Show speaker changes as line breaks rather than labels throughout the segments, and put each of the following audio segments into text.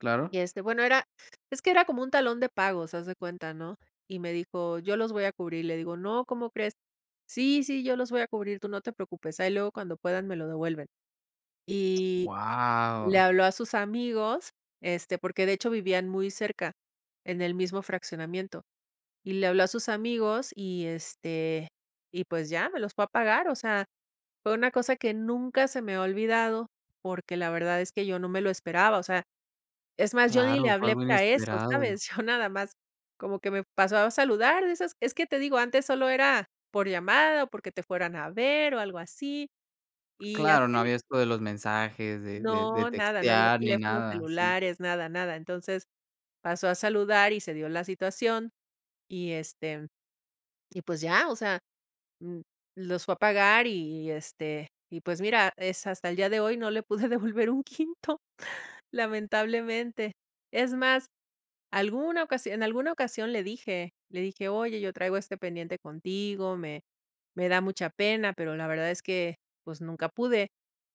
Claro.
Y, este, bueno, era es que era como un talón de pagos, haz de cuenta, ¿no? Y me dijo: "Yo los voy a cubrir". Le digo: "No, ¿cómo crees?", "Sí, sí, yo los voy a cubrir, tú no te preocupes. Ahí luego, cuando puedan, me lo devuelven". Y le
¡Wao!
habló a sus amigos, este, porque, de hecho, vivían muy cerca, en el mismo fraccionamiento. Y le habló a sus amigos y, este, y pues ya, me los fue a pagar. O sea, fue una cosa que nunca se me ha olvidado, porque la verdad es que yo no me lo esperaba. O sea, es más, yo ni le
Claro, fue
hablé
algo
para eso, ¿sabes?
inesperado.
Yo nada más como que me pasó a saludar, de esas es que te digo, antes solo era por llamada, o porque te fueran a ver, o algo así, y
Claro, no
así.
había esto de los mensajes, de de de
No, nada. No había
textear, ni
teléfonos
nada, sí.
celulares, nada, nada. Entonces, pasó a saludar y se dio la situación y, este, y pues ya. O sea, mm, los fue a pagar y, este, y pues mira, es hasta el día de hoy no le pude devolver un quinto, lamentablemente. Es más, alguna ocasión en alguna ocasión le dije, le dije: "Oye, yo traigo este pendiente contigo, me me da mucha pena, pero la verdad es que, pues, nunca pude".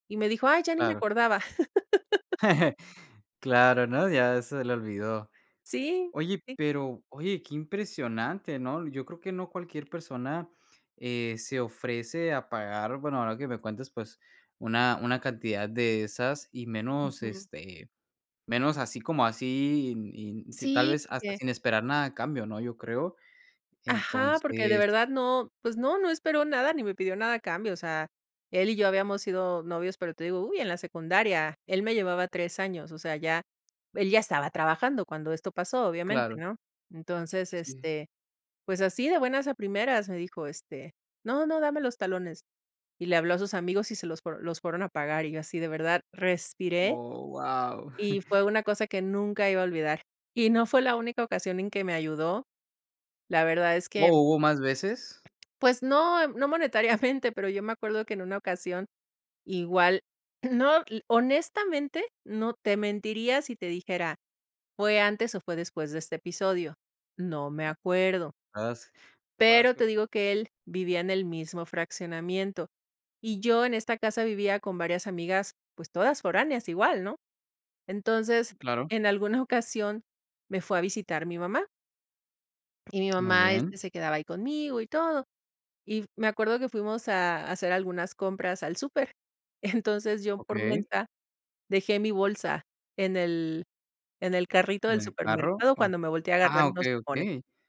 Y me dijo: "Ay, ya ni me
Claro.
acordaba".
Claro, no, ya se le olvidó.
Sí.
Oye,
Sí.
pero oye, qué impresionante, ¿no? Yo creo que no cualquier persona, eh, se ofrece a pagar, bueno, ahora que me cuentes, pues, una una cantidad de esas y menos,
Ujú.
este, menos así como así, in in si tal
Sí,
vez hasta
porque
sin esperar nada a cambio, ¿no?, yo creo.
ajá, porque de
Entonces
verdad no, pues no, no esperó nada ni me pidió nada a cambio. O sea, él y yo habíamos sido novios, pero te digo, uy, en la secundaria. Él me llevaba 3 años. O sea, ya él ya estaba trabajando cuando esto pasó, obviamente,
Claro.
¿no? Entonces,
Sí.
este, pues así de buenas a primeras, me dijo, este: "No, no, dame los talones". Y le habló a sus amigos, y se los fue los fueron a pagar y yo así, de verdad, respiré
Oh, guau.
y fue una cosa que nunca iba a olvidar. Y no fue la única ocasión en que me ayudó, la verdad es que
Oh, ¿hubo más veces?
Pues, no. No monetariamente, pero yo me acuerdo que en una ocasión igual no, l honestamente, no. Te mentiría si te dijera, fue antes, o, fue después de este episodio. No me acuerdo.
As te acuerdas
Pero
que
te digo que él vivía en el mismo fraccionamiento. Y yo en esta casa vivía con varias amigas, pues todas foráneas igual, ¿no? Entonces,
Claro.
en alguna ocasión me fue a visitar mi mamá y mi
Muy
mamá,
bien.
este, se quedaba ahí conmigo y todo. Y me acuerdo que fuimos a a hacer algunas compras al súper. Entonces, yo por
Okey.
mensa dejé mi bolsa en el en el carrito
¿En
del
el carro,
supermercado
o?
cuando me volteé a agarrar
Ah,
unos
okey,
limones.
okey.